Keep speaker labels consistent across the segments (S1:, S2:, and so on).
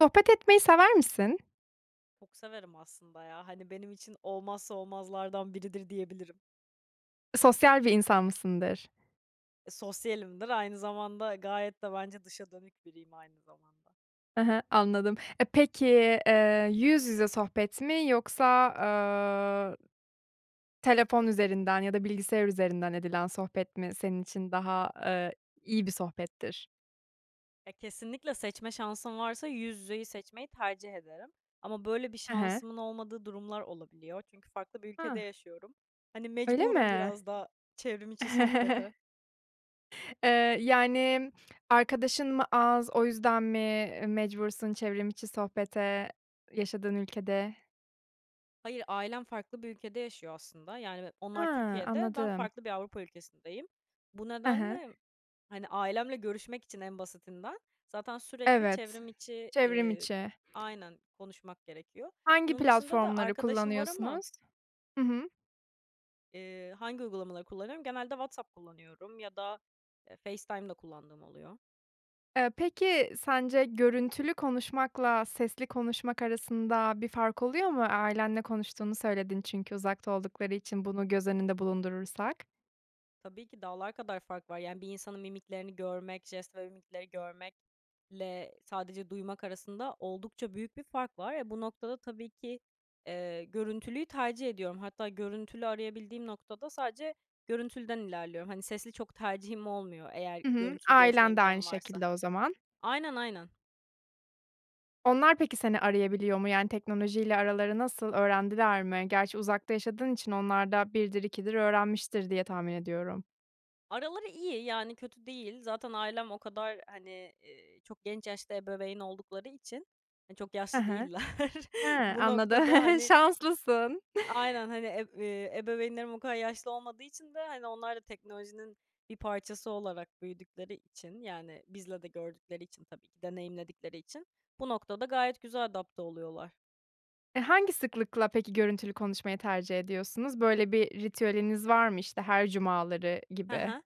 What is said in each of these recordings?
S1: Sohbet etmeyi sever misin?
S2: Çok severim aslında ya. Hani, benim için olmazsa olmazlardan biridir diyebilirim.
S1: Sosyal bir insan mısındır?
S2: E, sosyalimdir aynı zamanda gayet de bence dışa dönük biriyim aynı zamanda.
S1: Hı hı, anladım. E, peki, eee, yüz yüze sohbet mi yoksa, aaa telefon üzerinden ya da bilgisayar üzerinden edilen sohbet mi senin için daha, ııı, iyi bir sohbettir?
S2: Ya, kesinlikle seçme şansım varsa yüz yüzeyi seçmeyi tercih ederim. Ama böyle bir
S1: Hı hı.
S2: şansımın olmadığı durumlar olabiliyor çünkü farklı bir ülkede
S1: Ha!
S2: yaşıyorum. Hani,
S1: Öyle
S2: mecburum
S1: mi?
S2: biraz da çevrim içi sohbete.
S1: Eee, yani, arkadaşın mı az, o yüzden mi e mecbursun çevrim içi sohbete yaşadığın ülkede?
S2: Hayır, ailem farklı bir ülkede yaşıyor aslında. Yani, be onlar
S1: Hıı,
S2: Türkiye'de, ben
S1: anladım.
S2: farklı bir Avrupa ülkesindeyim. Bu
S1: Hı hı.
S2: nedenle, hani, ailemle görüşmek için en basitinden, zaten sürekli
S1: Evet,
S2: çevrim içi
S1: çevrim
S2: iii,
S1: içi.
S2: aynen konuşmak gerekiyor.
S1: Hangi
S2: Bunun dışında da
S1: platformları
S2: arkadaşım var ama
S1: kullanıyorsunuz? Hı hı.
S2: Iıı, hangi uygulamaları kullanıyorum? Genelde WhatsApp kullanıyorum ya da, eee, FaceTime da kullandığım oluyor.
S1: Eee, peki, sence görüntülü konuşmakla sesli konuşmak arasında bir fark oluyor mu? Ailenle konuştuğunu söyledin çünkü uzakta oldukları için bunu göz önünde bulundurursak?
S2: Tabii ki dağlar kadar fark var. Yani, bir insanın mimiklerini görmek, jest ve mimikleri görmekle sadece duymak arasında oldukça büyük bir fark var. E, bu noktada tabii ki, eee, görüntülüyü tercih ediyorum. Hatta görüntülü arayabildiğim noktada sadece görüntülüden ilerliyorum. Hani, sesli çok tercihim olmuyor, eğer
S1: Hı hı,
S2: görüntülü görüşme
S1: ailen de aynı
S2: imkânım varsa.
S1: şekilde o zaman.
S2: Aynen, aynen.
S1: Onlar peki, seni arayabiliyor mu? Yani, teknoloji ile araları nasıl, öğrendiler mi? Gerçi uzakta yaşadığın için onlar da 1'dir 2'dir öğrenmiştir diye tahmin ediyorum.
S2: Araları iyi, yani, kötü değil. Zaten ailem o kadar, hani, ııı, çok genç yaşta ebeveyn oldukları için, hani, çok
S1: Hı
S2: yaşlı
S1: hı.
S2: değiller.
S1: Hıı.
S2: Bu
S1: Anladım,
S2: noktada, hani
S1: şanslısın.
S2: Aynen. Hani, ev ııı, ebeveynlerim o kadar yaşlı olmadığı için de, hani, onlar da teknolojinin bir parçası olarak büyüdükleri için, yani, bizle de gördükleri için tabii ki deneyimledikleri için bu noktada gayet güzel adapte oluyorlar.
S1: E, hangi sıklıkla peki görüntülü konuşmayı tercih ediyorsunuz? Böyle bir ritüeliniz var mı, işte, her cumaları
S2: Hı
S1: gibi?
S2: hı.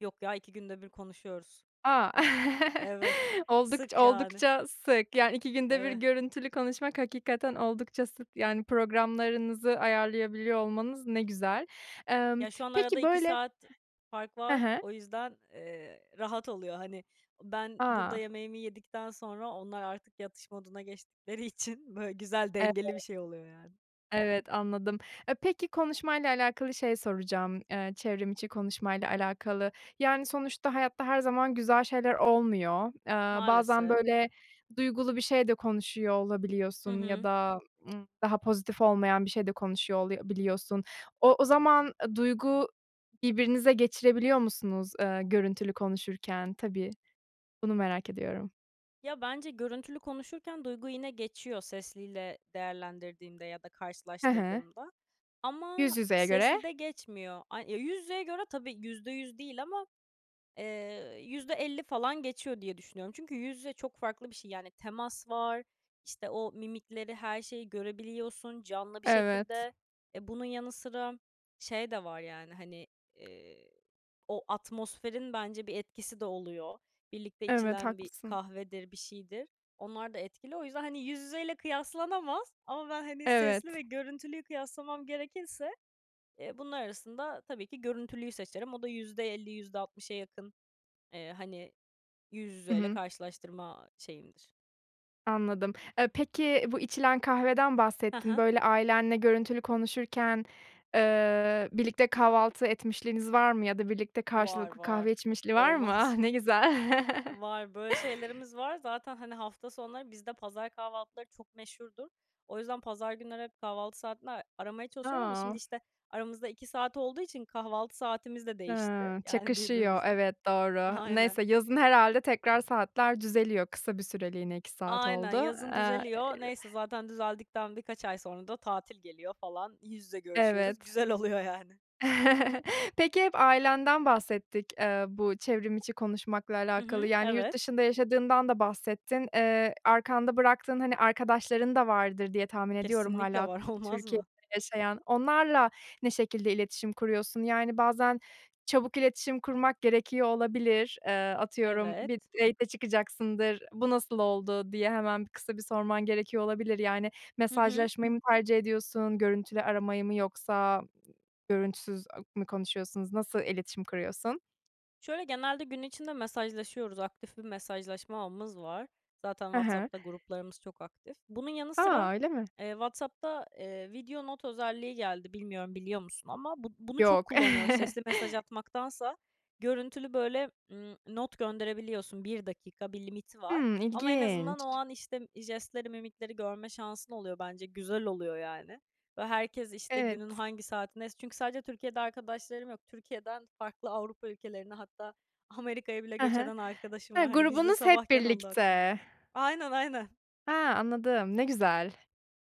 S2: Yok ya, 2 günde 1 konuşuyoruz.
S1: A!
S2: Evet.
S1: Oldukç
S2: Sık yani.
S1: oldukça sık, yani, 2 günde 1
S2: Eve
S1: görüntülü konuşmak hakikaten oldukça sık, yani, programlarınızı ayarlayabiliyor olmanız ne güzel. Emm,
S2: Ya, şu an arada
S1: peki,
S2: 2
S1: böyle
S2: saat fark
S1: Hı
S2: var.
S1: hı.
S2: O yüzden, eee, rahat oluyor. Hani, ben burada
S1: A!
S2: yemeğimi yedikten sonra onlar artık yatış moduna geçtikleri için böyle güzel,
S1: Evet.
S2: dengeli bir şey oluyor yani.
S1: Evet, anladım. E, peki konuşmayla alakalı şey soracağım; eee, çevrim içi konuşmayla alakalı. Yani, sonuçta hayatta her zaman güzel şeyler olmuyor. Iıı, bazen,
S2: Maalesef.
S1: böyle, duygulu bir şey de konuşuyor
S2: Hı
S1: olabiliyorsun ya
S2: hı.
S1: da, ımm, daha pozitif olmayan bir şey de konuşuyor oluyo biliyorsun. O o zaman, aaa, duygu birbirinize geçirebiliyor musunuz, ııı, görüntülü konuşurken? Tabii, bunu merak ediyorum.
S2: Ya, bence görüntülü konuşurken duygu yine geçiyor sesliyle değerlendirdiğimde ya da
S1: Hı hı.
S2: karşılaştırdığımda.
S1: Yüz
S2: Ama
S1: yüzeye göre.
S2: seslide geçmiyor. A ya, yüz yüzeye göre tabii %100 değil ama, eee, %50 falan geçiyor diye düşünüyorum. Çünkü yüz yüze çok farklı bir şey. Yani, temas var, işte, o mimikleri, her şeyi görebiliyorsun canlı bir
S1: Evet.
S2: şekilde. E, bunun yanı sıra şey de var, yani, hani, eee, o atmosferin bence bir etkisi de oluyor. Birlikte
S1: Evet,
S2: içilen bir
S1: haklısın.
S2: kahvedir, bir şeydir. Onlar da etkili. O yüzden, hani, yüz yüzeyle kıyaslanamaz ama ben, hani, sesli ve
S1: Evet.
S2: görüntülüyü kıyaslamam gerekirse, eee, bunlar arasında tabii ki görüntülüyü seçerim. O da %50 %60 yakın, eee, hani, yüz
S1: Hı
S2: yüzeyle
S1: hı.
S2: karşılaştırma şeyimdir.
S1: Anladım. Eee, peki bu içilen kahveden
S2: Hı
S1: bahsettin,
S2: hı.
S1: böyle ailenle görüntülü konuşurken, ııı, birlikte kahvaltı etmişliğiniz var mı ya da birlikte
S2: Var,
S1: karşılıklı
S2: var.
S1: kahve içmişliği var mı? Ah,
S2: Olmaz mı?
S1: ne güzel.
S2: Var. Böyle şeylerimiz var. Zaten, hani, hafta sonları bizde pazar kahvaltıları çok meşhurdur. O yüzden pazar günleri hep kahvaltı saatinde a aramaya çalışıyorum ama şimdi,
S1: A!
S2: işte, aramızda 2 saat olduğu için kahvaltı saatimiz de değişti,
S1: Hıı,
S2: yani,
S1: çakışıyor.
S2: birbirimizle.
S1: Evet, doğru.
S2: Aynen.
S1: Neyse, yazın herhâlde tekrar saatler düzeliyor, kısa bir süreliğine 2 saat
S2: Aynen,
S1: oldu,
S2: yazın
S1: eee
S2: düzeliyor. Neyse, zaten düzeldikten birkaç ay sonra da tatil geliyor falan, yüz yüze görüşüyoruz.
S1: Evet.
S2: Güzel oluyor yani.
S1: Peki, hep ailenden bahsettik, eee, bu çevrim içi konuşmakla
S2: Hı
S1: alakalı,
S2: hı,
S1: yani, yurt
S2: evet.
S1: dışında yaşadığından da bahsettin. Eee, arkanda bıraktığın, hani, arkadaşların da vardır diye tahmin ediyorum
S2: Kesinlikle
S1: hâlâ
S2: var, olmaz
S1: Türkiye'de
S2: mı?
S1: yaşayan. Onlarla ne şekilde iletişim kuruyorsun? Yani, bazen çabuk iletişim kurmak gerekiyor olabilir. Eee, atıyorum, bir
S2: Evet.
S1: date'e çıkacaksındır, "Bu nasıl oldu?" diye hemen bir kısa bir sorman gerekiyor olabilir. Yani,
S2: Hı hı.
S1: mesajlaşmayı mı tercih ediyorsun, görüntülü aramayı mı yoksa görüntüsüz a mü konuşuyorsunuz, nasıl iletişim kuruyorsun?
S2: Şöyle, genelde gün içinde mesajlaşıyoruz, aktif bir mesajlaşma ağımız var. Zaten
S1: Hı hı.
S2: WhatsApp'ta gruplarımız çok aktif. Bunun yanı sıra,
S1: A! Öyle mi?
S2: eee, WhatsApp'ta, eee, video not özelliği geldi. Bilmiyorum biliyor musun ama bu bunu çok
S1: Yok.
S2: kullanıyoruz. Sesli mesaj atmaktansa görüntülü böyle, ımm, not gönderebiliyorsun. 1 dakika bir limiti var
S1: Hımm,
S2: ama en azından o
S1: ilginç.
S2: an, işte, jestleri, mimikleri görme şansın oluyor bence, güzel oluyor yani. Ve herkes, işte, günün
S1: Evet.
S2: hangi saatindeyse Çünkü sadece Türkiye'de arkadaşlarım yok, Türkiye'den farklı Avrupa ülkelerine, hatta Amerika'ya bile
S1: Hı
S2: göç
S1: hı.
S2: eden arkadaşım
S1: Hıı,
S2: var, hani, bizde
S1: grubunuz hep
S2: sabahken onda akşam.
S1: birlikte.
S2: Aynen, aynen.
S1: He, anladım, ne güzel.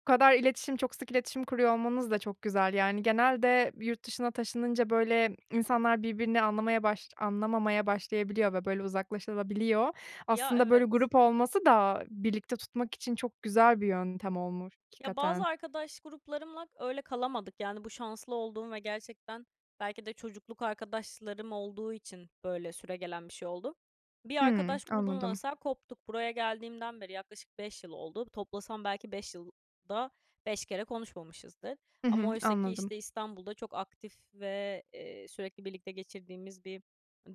S1: Bu kadar iletişim, çok sık iletişim kuruyor olmanız da çok güzel, yani, genelde yurt dışına taşınınca, böyle, insanlar birbirini anlamaya baş anlamamaya başlayabiliyor ve, böyle, uzaklaşılabiliyor da.
S2: Ya,
S1: Aslında böyle
S2: evet.
S1: grup olması da birlikte tutmak için çok güzel bir yöntem olmuş
S2: Ya, bazı
S1: hakikaten.
S2: arkadaş gruplarımla öyle kalamadık. Yani, bu şanslı olduğum ve gerçekten belki de çocukluk arkadaşlarım olduğu için böyle süregelen bir şey oldu. Bir
S1: Hıı,
S2: arkadaş grubundan
S1: anladım.
S2: mesela koptuk. Buraya geldiğimden beri yaklaşık 5 yıl oldu. Toplasam belki 5 yılda 5 kere konuşmamışızdır.
S1: Hı
S2: Ama
S1: hı,
S2: oysaki,
S1: anladım.
S2: işte, İstanbul'da çok aktif ve, eee, sürekli birlikte geçirdiğimiz bir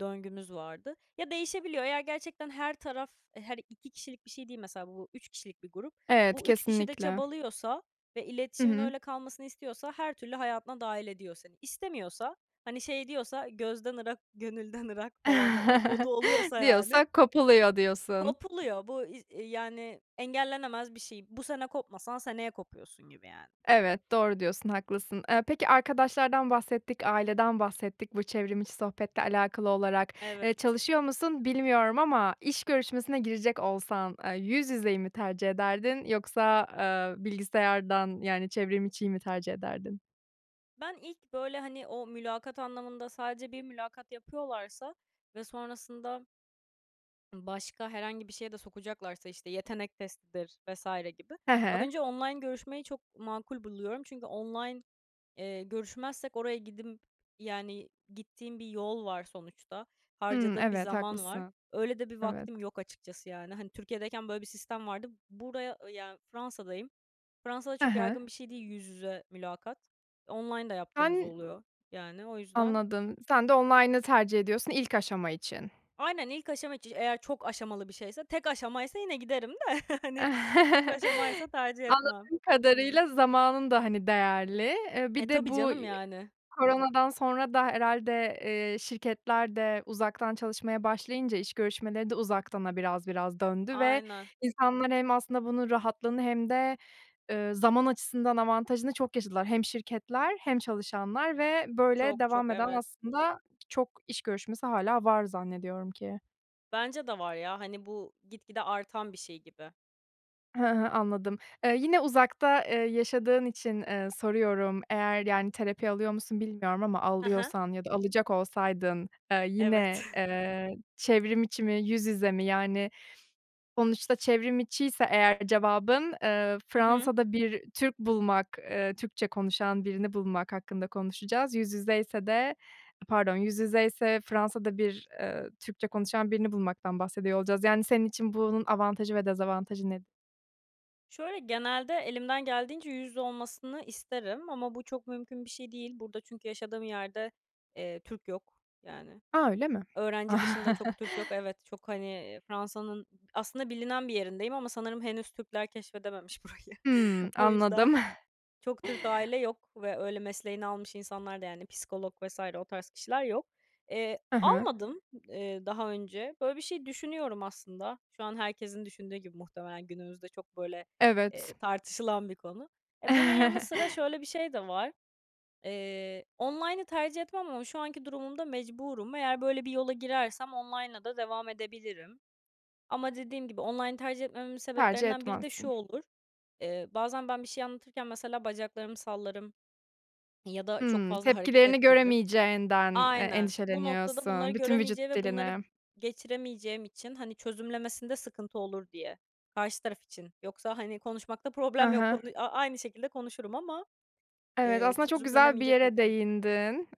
S2: döngümüz vardı. Ya, değişebiliyor. Eğer gerçekten her taraf, her 2 kişilik bir şey değil mesela bu 3 kişilik bir grup,
S1: Evet,
S2: bu 3 kişi de
S1: kesinlikle.
S2: çabalıyorsa ve
S1: Hı
S2: iletişimin
S1: hı.
S2: öyle kalmasını istiyorsa her türlü hayatına dâhil ediyor seni. İstemiyorsa, hani şey diyorsa gözden gönülden ırak falan o modu oluyorsa yani
S1: Diyorsa kopuluyor diyorsun.
S2: kopuluyor. Bu i eee, yani, engellenemez bir şey. Bu sene kopmasan seneye kopuyorsun gibi yani.
S1: Evet, doğru diyorsun, haklısın. Eee, peki arkadaşlardan bahsettik, aileden bahsettik bu çevrim içi sohbetle alakalı olarak. Eee,
S2: Evet.
S1: çalışıyor musun bilmiyorum ama iş görüşmesine girecek olsan, eee, yüz yüzeyi mi tercih ederdin yoksa, eee, bilgisayardan, yani, çevrim içiyi mi tercih ederdin?
S2: Ben, ilk böyle, hani, o mülakat anlamında sadece bir mülakat yapıyorlarsa ve sonrasında ımm, başka herhangi bir şeye de sokacaklarsa, işte, yetenek testidir vs gibi
S1: Hı hı.
S2: önce online görüşmeyi çok makul buluyorum çünkü online, eee, görüşmezsek oraya gidimp yani, gittiğim bir yol var sonuçta.
S1: Hıı,
S2: Harcadığım bir
S1: evet
S2: zaman var.
S1: haklısın.
S2: Öyle de bir
S1: Evet.
S2: vaktim yok açıkçası yani. Hani, Türkiye'deyken böyle bir sistem vardı. Buraya, yani, Fransa'dayım, Fransa'da
S1: Hı
S2: çok
S1: hı.
S2: yaygın bir şey değil yüz yüze mülakat. Online da yaptığımız
S1: Sen
S2: oluyor, yani, o yüzden
S1: Anladım, sen de online'ı tercih ediyorsun ilk aşama için.
S2: Aynen, ilk aşama içi Eğer çok aşamalı bir şeyse, tek aşamaysa yine giderim de, hani, çok aşamaysa tercih etmem.
S1: Anladığım kadarıyla zamanın da, hani, değerli. Eee,
S2: E,
S1: bir de
S2: tabii
S1: bu
S2: canım yani.
S1: koronadan sonra da herhâlde, eee, şirketler de uzaktan çalışmaya başlayınca iş görüşmeleri de uzaktana biraz biraz döndü ve
S2: Aynen.
S1: insanlar, hem aslında bunun rahatlığını hem de, eee, zaman açısından avantajını çok yaşadılar. Hem şirketler hem çalışanlar ve böyle
S2: Çok,
S1: devam
S2: çok,
S1: eden
S2: evet.
S1: aslında çok iş görüşmesi hâlâ var zannediyorum ki.
S2: Bence de var ya, hani, bu gitgide artan bir şey gibi.
S1: Hı hı, anladım. Eee, yine uzakta, eee, yaşadığın için, eee, soruyorum, eğer, yani, terapi alıyor musun, bilmiyorum ama
S2: Hı hı.
S1: alıyorsan ya da alacak olsaydın, eee, yine,
S2: Evet.
S1: eee, çevrim içi mi, yüz yüze mi? Yani, sonuçta çevrim içiyse eğer cevabın, eee,
S2: Hı hı.
S1: Fransa'da bir Türk bulmak, eee, Türkçe konuşan birini bulmak hakkında konuşacağız. Yüz yüzeyse de pardon, yüz yüzeyse Fransa'da bir ııı, Türkçe konuşan birini bulmaktan bahsediyor olacağız, yani, senin için bunun avantajı ve dezavantajı nedir?
S2: Şöyle, genelde elimden geldiğince yüz yüze olmasını isterim ama bu çok mümkün bir şey değil. Burada çünkü yaşadığım yerde, eee, Türk yok, yani.
S1: A! Öyle mi?
S2: Öğrenci dışında çok Türk yok, evet, çok, hani, Fransa'nın aslında bilinen bir yerindeyim ama sanırım henüz Türkler keşfedememiş burayı.
S1: Hıı,
S2: O yüzden,
S1: anladım.
S2: çok Türk aile yok ve öyle mesleğini almış insanlar da, yani, psikolog vs. o tarz kişiler yok. Eee,
S1: Hı hı.
S2: almadım, eee, daha önce. Böyle bir şey düşünüyorum aslında. Şu an herkesin düşündüğü gibi muhtemelen, günümüzde çok böyle,
S1: Evet.
S2: eee, tartışılan bir konu. E, bunun yanı sıra şöyle bir şey de var. Eee, online'ı tercih etmem ama şu anki durumumda mecburum. Eğer böyle bir yola girersem online'la da devam edebilirim. Ama dediğim gibi online'ı tercih etmememin
S1: Tercih
S2: sebeplerinden biri de
S1: etmezsin.
S2: şu olur, eee, bazen ben bir şey anlatırken, mesela, bacaklarımı sallarım ya da çok
S1: Hıı.
S2: fazla hareket
S1: Tepkilerini
S2: ettiririm.
S1: göremeyeceğinden, eee,
S2: Aynen. Bu noktada bunları
S1: endişeleniyorsun, bütün vücut
S2: göremeyeceği ve bunları
S1: dilini.
S2: geçiremeyeceğim için, hani, çözümlemesinde sıkıntı olur diye. Karşı taraf için. Yoksa, hani, konuşmakta
S1: Hı
S2: problem yok.
S1: hı.
S2: Konu a a aynı şekilde konuşurum ama,
S1: Evet,
S2: eee,
S1: aslında çok güzel bir
S2: çözümlenemeyecek
S1: yere
S2: hareketlerim
S1: değindin.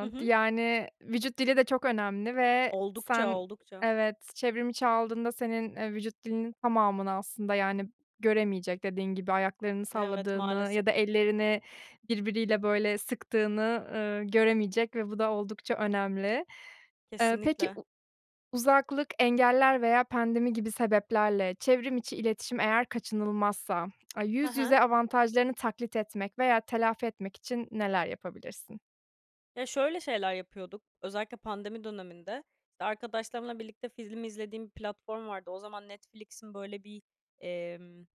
S2: Hı hı.
S1: yani, vücut dili de çok önemli ve
S2: Oldukça,
S1: sen
S2: oldukça.
S1: evet, çevrim içi aldığında senin, eee, vücut dilinin tamamını aslında, yani, göremeyecek, dediğin gibi ayaklarını
S2: Evet,
S1: salladığını
S2: maalesef.
S1: ya da ellerini birbiriyle, böyle, sıktığını, ııı, göremeyecek ve bu da oldukça önemli. Eee, peki,
S2: Kesinlikle.
S1: u uzaklık, engeller veya pandemi gibi sebeplerle çevrim içi iletişim eğer kaçınılmazsa, aaa,
S2: Hı
S1: yüz
S2: hı.
S1: yüze avantajlarını taklit etmek veya telafi etmek için neler yapabilirsin?
S2: Ya, şöyle şeyler yapıyorduk, özellikle pandemi döneminde, işte, arkadaşlarımla birlikte film izlediğim bir platform vardı. O zaman Netflix'in, böyle bir, emm,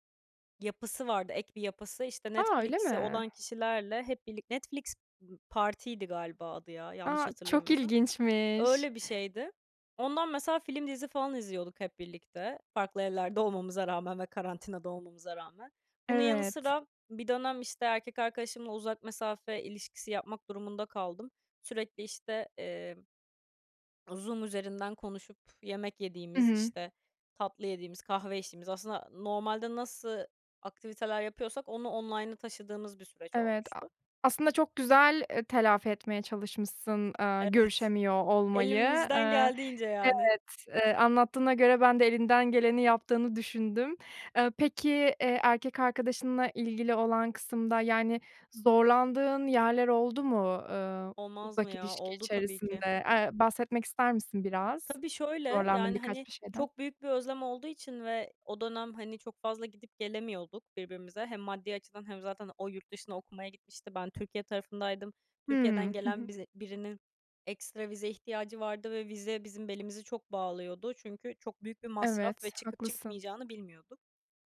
S2: yapısı vardı, ek bir yapısı, işte,
S1: A, öyle
S2: Netflix'i
S1: mi?
S2: olan kişilerle hep birlik Netflix, ımm, partiydi galiba adı ya, yanlış
S1: A, çok
S2: hatırlamıyorsam.
S1: ilginçmiş.
S2: Öyle bir şeydi. Ondan mesela film dizi falan izliyorduk hep birlikte, farklı evlerde olmamıza rağmen ve karantinada olmamıza rağmen. Bunun yanı
S1: Evet.
S2: sıra bir dönem, işte, erkek arkadaşımla uzak mesafe ilişkisi yapmak durumunda kaldım. Sürekli, işte, eee, Zoom üzerinden konuşup, yemek
S1: Hı
S2: yediğimiz,
S1: hı.
S2: işte, tatlı yediğimiz, kahve içtiğimiz, aslında normalde nasıl aktiviteler yapıyorsak onu online'a taşıdığımız bir süreç
S1: Evet, a
S2: olmuştu.
S1: aslında çok güzel, eee, telafi etmeye çalışmışsın, aaa,
S2: Evet.
S1: görüşemiyor olmayı.
S2: Elimizden
S1: Eee,
S2: geldiğince,
S1: evet,
S2: yani.
S1: eee, anlattığına göre ben de elinden geleni yaptığını düşündüm. Eee, peki, eee, erkek arkadaşınla ilgili olan kısımda, yani, zorlandığın yerler oldu mu, eee,
S2: Olmaz mı
S1: uzak
S2: ya?
S1: ilişki
S2: Oldu tabii ki.
S1: içerisinde? Eee, bahsetmek ister misin biraz,
S2: Tabii şöyle,
S1: zorlandığın
S2: yani,
S1: birkaç
S2: hani,
S1: şeyden?
S2: çok büyük bir özlem olduğu için ve o dönem, hani, çok fazla gidip gelemiyorduk birbirimize. Hem maddi açıdan hem zaten o yurt dışına okumaya gitmişti, ben Türkiye tarafındaydım. Türkiye'den
S1: Hıı, hı
S2: gelen
S1: hı.
S2: biz birinin ekstra vize ihtiyacı vardı ve vize bizim belimizi çok bağlıyordu. Çünkü çok büyük bir masraf ve
S1: Evet,
S2: çıkıp
S1: haklısın.
S2: çıkmayacağını bilmiyorduk.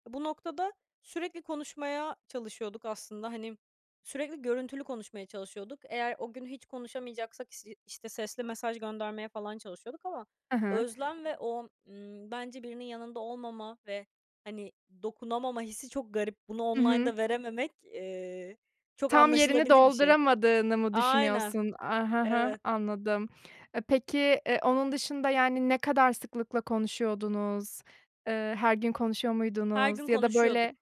S2: Bu noktada sürekli konuşmaya çalışıyorduk aslında. Hani, sürekli görüntülü konuşmaya çalışıyorduk. Eğer o gün hiç konuşamayacaksak, is işte, sesli mesaj göndermeye falan çalışıyorduk ama
S1: I hı.
S2: özlem ve o, ımm, bence birinin yanında olmama ve, hani, dokunamama hissi çok garip. Bunu
S1: I hı.
S2: online'da verememek, eee, çok
S1: Tam yerini
S2: anlaşılabilir bir şey.
S1: dolduramadığını mı
S2: Aynen.
S1: düşünüyorsun? Aaa, hı hı,
S2: Evet.
S1: anladım. Eee, peki, eee, onun dışında, yani, ne kadar sıklıkla konuşuyordunuz? Eee, her gün konuşuyor
S2: Her
S1: muydunuz?
S2: gün
S1: Ya da,
S2: konuşuyorduk.
S1: böyle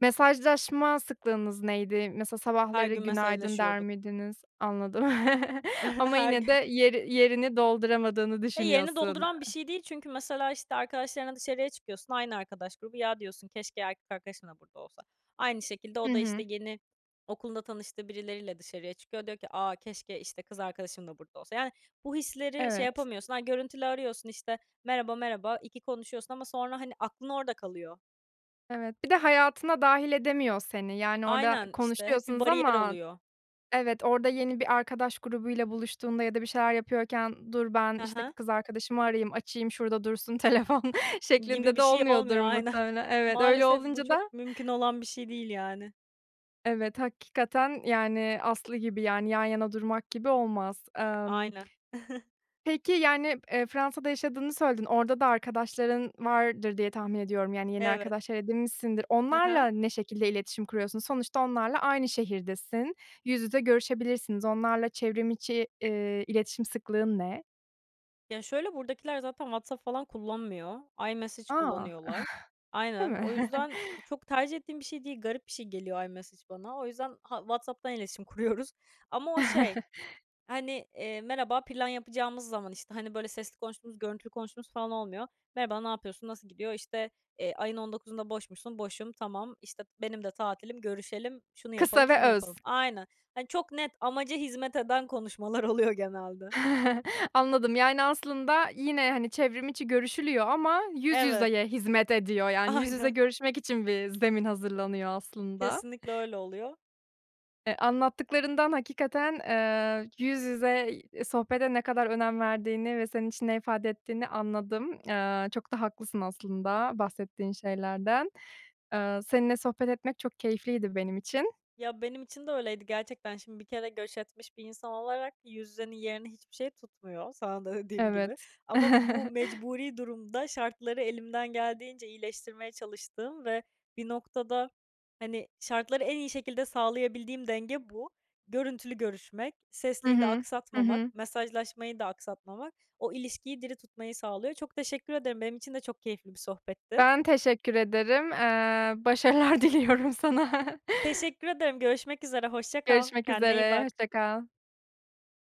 S1: Mesajlaşma sıklığınız neydi? Mesela
S2: Her
S1: sabahları
S2: gün
S1: "günaydın" der
S2: mesajlaşıyorduk.
S1: miydiniz? Anladım. Ama
S2: Her
S1: yine de
S2: gün.
S1: yeri yerini dolduramadığını
S2: Eee, yerini
S1: düşünüyorsun.
S2: dolduran bir şey değil çünkü mesela, işte, arkadaşlarınla dışarıya çıkıyorsun, aynı arkadaş grubu. Ya diyorsun, "Keşke erkek arkadaşım da burada olsa." Aynı şekilde
S1: Hı
S2: o da, işte,
S1: hı.
S2: yeni okulunda tanıştığı birileriyle dışarıya çıkıyor. Diyor ki, "A, keşke, işte, kız arkadaşım da burada olsa." Yani bu hisleri şey
S1: Evet.
S2: yapamıyorsun. Ha, görüntülü arıyorsun, işte, merhaba, merhaba, iki konuşuyorsun ama sonra, hani, aklın orada kalıyor.
S1: Evet, bir de hayatına dâhil edemiyor seni, yani orada
S2: Aynen, işte. Hep bir
S1: konuşuyorsunuz
S2: bariyer
S1: ama
S2: oluyor.
S1: Evet, orada yeni bir arkadaş grubuyla buluştuğunda ya da bir şeyler yapıyorken, "Dur ben,
S2: Hı
S1: işte,
S2: hı.
S1: kız arkadaşımı arayayım, açayım, şurada dursun telefon."
S2: Gibi
S1: şeklinde
S2: bir
S1: de
S2: şey
S1: olmuyordur
S2: olmuyor. Aynen.
S1: muhtemelen. Evet, öyle
S2: Maalesef bu
S1: olunca da
S2: çok mümkün olan bir şey değil yani.
S1: Evet, hakikaten, yani, aslı gibi, yani, yan yana durmak gibi olmaz. Emm
S2: Aynen.
S1: Peki, yani, eee, Fransa'da yaşadığını söyledin, orada da arkadaşların vardır diye tahmin ediyorum. Yani, yeni
S2: Evet.
S1: arkadaşlar edinmişsindir.
S2: Hı
S1: Onlarla
S2: hı.
S1: ne şekilde iletişim kuruyorsun? Sonuçta onlarla aynı şehirdesin, yüz yüze görüşebilirsiniz. Onlarla çevrimiçi, eee, iletişim sıklığın ne?
S2: Ya şöyle, buradakiler zaten WhatsApp falan kullanmıyor, iMessage
S1: A!
S2: kullanıyorlar.
S1: Değil
S2: Aynen. O
S1: mi?
S2: yüzden çok tercih ettiğim bir şey değil, garip bir şey geliyor iMessage bana. O yüzden ha WhatsApp'tan iletişim kuruyoruz. Ama o şey, hani, eee, merhaba plan yapacağımız zaman, işte, hani, böyle sesli konuştuğumuz, görüntülü konuştuğumuz falan olmuyor. "Merhaba, ne yapıyorsun, nasıl gidiyor?" İşte, eee, "Ayın 19'unda boş musun?" "Boşum." "Tamam." İşte, "Benim de tatilim, görüşelim." "Şunu
S1: Kısa
S2: yapalım,
S1: ve
S2: şunu
S1: öz.
S2: yapalım." Aynen. Hani, çok net, amaca hizmet eden konuşmalar oluyor genelde.
S1: Anladım. Yani, aslında yine, hani, çevrim içi görüşülüyor ama yüz
S2: Evet.
S1: yüzeye hizmet ediyor, yani, yüz yüze
S2: Aynen.
S1: görüşmek için bir zemin hazırlanıyor aslında.
S2: Kesinlikle öyle oluyor.
S1: Eee, anlattıklarından hakikaten, eee, yüz yüze, iii, sohbete ne kadar önem verdiğini ve senin için ne ifade ettiğini anladım. Eee, çok da haklısın aslında bahsettiğin şeylerden. Iıı, seninle sohbet etmek çok keyifliydi benim için.
S2: Ya, benim için de öyleydi gerçekten. Şimdi bir kere göç etmiş bir insan olarak yüz yüzenin yerini hiçbir şey tutmuyor, sana da dediğim gibi.
S1: Evet.
S2: Ama bu mecburi durumda şartları elimden geldiğince iyileştirmeye çalıştığım ve bir noktada, hani, şartları en iyi şekilde sağlayabildiğim denge bu. Görüntülü görüşmek,
S1: Hı
S2: sesliyi de
S1: hı. Hı hı.
S2: aksatmamak, mesajlaşmayı da aksatmamak o ilişkiyi diri tutmayı sağlıyor. Çok teşekkür ederim. Benim için de çok keyifli bir sohbetti.
S1: Ben, teşekkür ederim. Eee, başarılar diliyorum sana.
S2: Teşekkür ederim. Görüşmek üzere. Hoşça kal.
S1: Görüşmek
S2: Kendine iyi
S1: üzere,
S2: bak.
S1: hoşça kal.